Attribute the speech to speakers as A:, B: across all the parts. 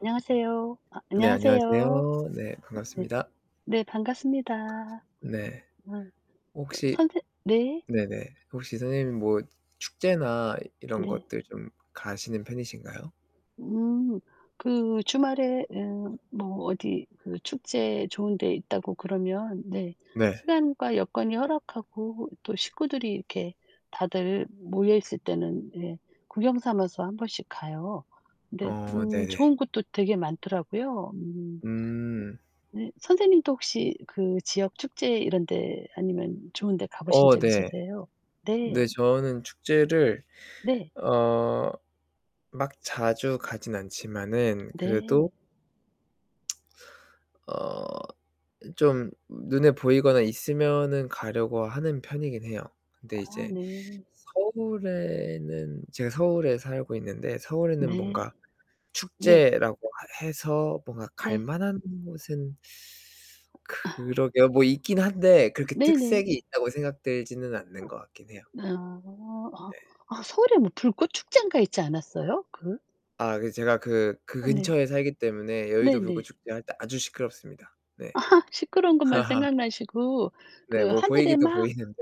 A: 안녕하세요. 아
B: 네
A: 안녕하세요.
B: 안녕하세요. 네
A: 네.
B: 반갑습니다.
A: 네 반갑습니다.
B: 네.
A: 어.
B: 혹시
A: 선생 네.
B: 네네 혹시 선생님 뭐 축제나 이런
A: 네.
B: 것들 좀 가시는 편이신가요?
A: 음 그 주말에 음. 뭐 어디 그 축제 좋은 데 있다고 그러면 네
B: 네.
A: 시간과 여건이 허락하고 또 식구들이 이렇게 다들 모여있을 때는 네 구경 삼아서 1 번씩 가요. 근데
B: 어
A: 음
B: 네네.
A: 좋은 곳도 되게 많더라고요. 음
B: 음.
A: 네. 선생님도 혹시 그 지역 축제 이런 데 아니면 좋은 데 가보신
B: 어
A: 적
B: 네.
A: 있으세요?
B: 네
A: 네.
B: 저는 축제를
A: 네.
B: 어 막 자주 가진 않지만은 그래도
A: 네.
B: 어 좀 눈에 보이거나 있으면은 가려고 하는 편이긴 해요. 근데
A: 아
B: 이제
A: 네.
B: 서울에는 제가 서울에 살고 있는데 서울에는
A: 네.
B: 뭔가
A: 네.
B: 축제라고 해서 뭔가
A: 네.
B: 갈만한 곳은 그러게 뭐 있긴 한데 그렇게
A: 네네.
B: 특색이 있다고 생각되지는 않는 거 같긴 해요.
A: 아. 아.
B: 네.
A: 아 서울에 뭐 불꽃 축젠가 있지 않았어요? 그?
B: 아 그 제가 그 그
A: 어 네.
B: 근처에 살기 때문에 여의도
A: 네네.
B: 불꽃축제 할 때 아주 시끄럽습니다. 네.
A: 아 시끄러운 것만 생각나시고
B: 네.
A: 그
B: 뭐
A: 하늘에
B: 보이기도
A: 막
B: 보이는데.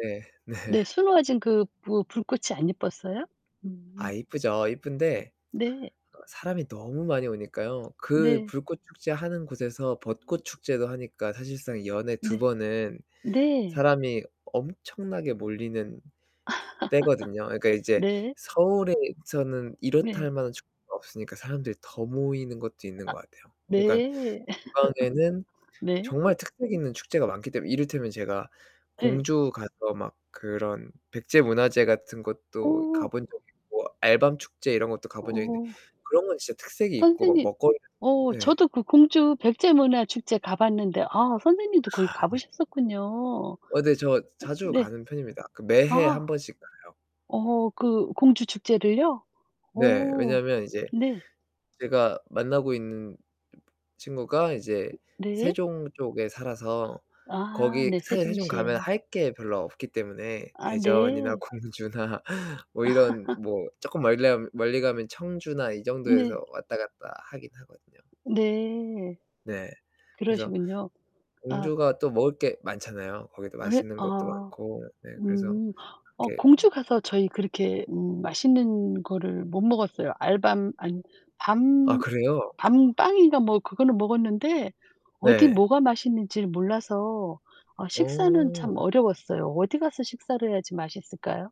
B: 네.
A: 네 수놓아진 그 뭐 불꽃이 안 예뻤어요?
B: 아
A: 음
B: 이쁘죠. 이쁜데
A: 네.
B: 사람이 너무 많이 오니까요. 그
A: 네.
B: 불꽃축제 하는 곳에서 벚꽃 축제도 하니까 사실상 연에 2
A: 네.
B: 번은
A: 네.
B: 사람이 엄청나게 몰리는 때거든요. 그니까 이제
A: 네.
B: 서울에서는 이렇다
A: 네.
B: 할만한 축제가 없으니까 사람들이 더 모이는 것도 있는 것 같아요. 그니까
A: 네.
B: 지방에는
A: 네
B: 정말 특색 있는 축제가 많기 때문에 이를테면 제가
A: 네.
B: 공주가서 막 그런 백제 문화재 같은 것도
A: 오.
B: 가본 적이 있고 알밤 축제 이런 것도 가본 적이 있는데
A: 어.
B: 그런 건 진짜 특색이 있고 뭐
A: 선생님
B: 먹거리
A: 어
B: 네.
A: 저도 그 공주 백제 문화 축제 가봤는데 아
B: 아
A: 선생님도 거기
B: 네.
A: 가보셨었군요.
B: 어 네. 저 자주
A: 네.
B: 가는 편입니다. 그 매해
A: 아.
B: 1 번씩 가요.
A: 어 그 공주 축제를요?
B: 네.
A: 어
B: 왜냐면 이제
A: 네.
B: 제가 만나고 있는 친구가 이제
A: 네.
B: 세종 쪽에 살아서
A: 아.
B: 거기
A: 네
B: 사실 세종 가면
A: 세종시에요.
B: 할 게 별로 없기 때문에
A: 아
B: 대전이나
A: 네.
B: 공주나 뭐 이런 뭐 조금 멀리 나 멀리 가면 청주나 이
A: 네.
B: 정도에서 왔다 갔다 하긴 하거든요.
A: 네.
B: 네. 그래서
A: 그러시군요. 아
B: 공주가 또 먹을 게 많잖아요. 거기도
A: 왜
B: 맛있는 것도
A: 아.
B: 많고. 네. 그래서
A: 음. 어
B: 그렇게
A: 공주가서 저희 그렇게 음 맛있는 거를 못 먹었어요. 알밤 아니
B: 아
A: 밤
B: 그래요?
A: 밤빵인가 뭐 그거는 먹었는데 어디
B: 네.
A: 뭐가 맛있는지를 몰라서 어 식사는 참
B: 어
A: 어려웠어요. 어디 가서 식사를 해야지 맛있을까요?